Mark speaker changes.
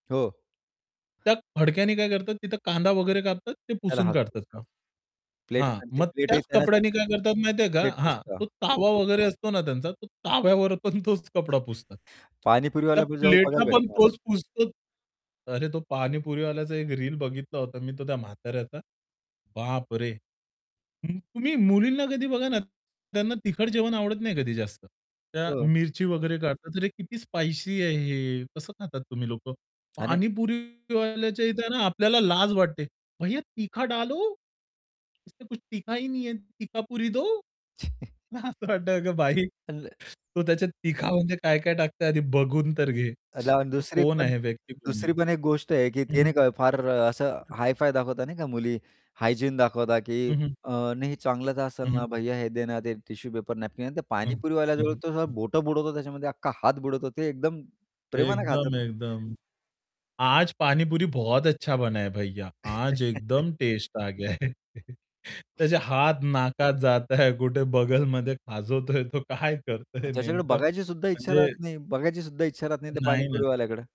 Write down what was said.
Speaker 1: हो.
Speaker 2: त्या फडक्याने काय करतात, तिथं कांदा वगैरे कापतात ते
Speaker 1: त्याला
Speaker 2: पुसून
Speaker 1: हात
Speaker 2: काढतात
Speaker 1: पुसतात
Speaker 2: मग.
Speaker 1: प्लेट
Speaker 2: हां,
Speaker 1: आणि ते
Speaker 2: मग
Speaker 1: प्लेट ही
Speaker 2: त्याच
Speaker 1: त्यांना
Speaker 2: कपड्याने काय करतात माहिती आहे का?
Speaker 1: प्लेट
Speaker 2: हां,
Speaker 1: पुसता.
Speaker 2: तो तवा वगैरे असतो ना त्यांचा, तो तव्यावर पण तोच कपडा पुसतात. त्या
Speaker 1: पाणीपुरीवाल्याजवळ
Speaker 2: प्लेटला
Speaker 1: बघायला
Speaker 2: पण
Speaker 1: भेटतो मला.
Speaker 2: तोच पुसतो. अरे, तो पाणीपुरीवाल्याचा एक रील बघितला होता मी. तो त्या म्हाताऱ्याचा बापरे! हं, तुम्ही मुलींना कधी बघा ना, त्यांना तिखट जेवण आवडत नाही कधी जास्त. त्या
Speaker 1: हो.
Speaker 2: मिरची वगैरे काढतात, "अरे, किती स्पाइसी आहे हे कसं खातात तुम्ही लोकं?"
Speaker 1: आणि
Speaker 2: पाणीपुरीवाल्याच्या इथं ना आपल्याला लाज वाटते. "भैय्या तीखा डालो. इस में कुछ तीखा ही नहीं है, तीखापुरी दो." मला असं वाटतं, "अगं बाई,
Speaker 1: अन
Speaker 2: तो त्याच्या तिखा म्हणजे काय काय टाकतो ते आधी बघून तर घे.
Speaker 1: [unintelligible]
Speaker 2: तो
Speaker 1: दुसरी एक
Speaker 2: कोण
Speaker 1: पण
Speaker 2: आहे व्यक्ती, कोण
Speaker 1: दुसरी
Speaker 2: आहे?"
Speaker 1: पण एक गोष्ट आहे, की ते
Speaker 2: हं, हं.
Speaker 1: नाही फार असं
Speaker 2: [unintelligible]
Speaker 1: हाय-फाय दाखवतात नाही का मुली, हायजीन दाखवतात की
Speaker 2: हं, हं.
Speaker 1: अ, नाही, "हे चांगलंच असेल
Speaker 2: हं, हं.
Speaker 1: ना भैय्या, हे दे ना, ते टिश्यू पेपर, नॅपकिन." आणि
Speaker 2: हं. हं,
Speaker 1: पाणीपुरीवाल्याजवळ तो
Speaker 2: हं.
Speaker 1: बोटं बुडवतो त्याच्यामध्ये, अख्खा हात बुडवतो ते एकदम प्रेमानं खातात.
Speaker 2: एकदम, एकदम. "आज पाणीपुरी बहुत अच्छा बनाया भैय्या, आज एकदम टेस्ट आ गया है." त्याचे हात नाकात जाताय, कुठे बगलमध्ये खाजवतोय तो, काय करतोय
Speaker 1: त्याच्याकडे
Speaker 2: नेमकं
Speaker 1: बघायची सुद्धा इच्छा
Speaker 2: म्हणजे
Speaker 1: राहत नाही, बघायची सुद्धा इच्छा राहत नाही त्या
Speaker 2: नाही ना.
Speaker 1: पाणीपुरीवाल्याकडे.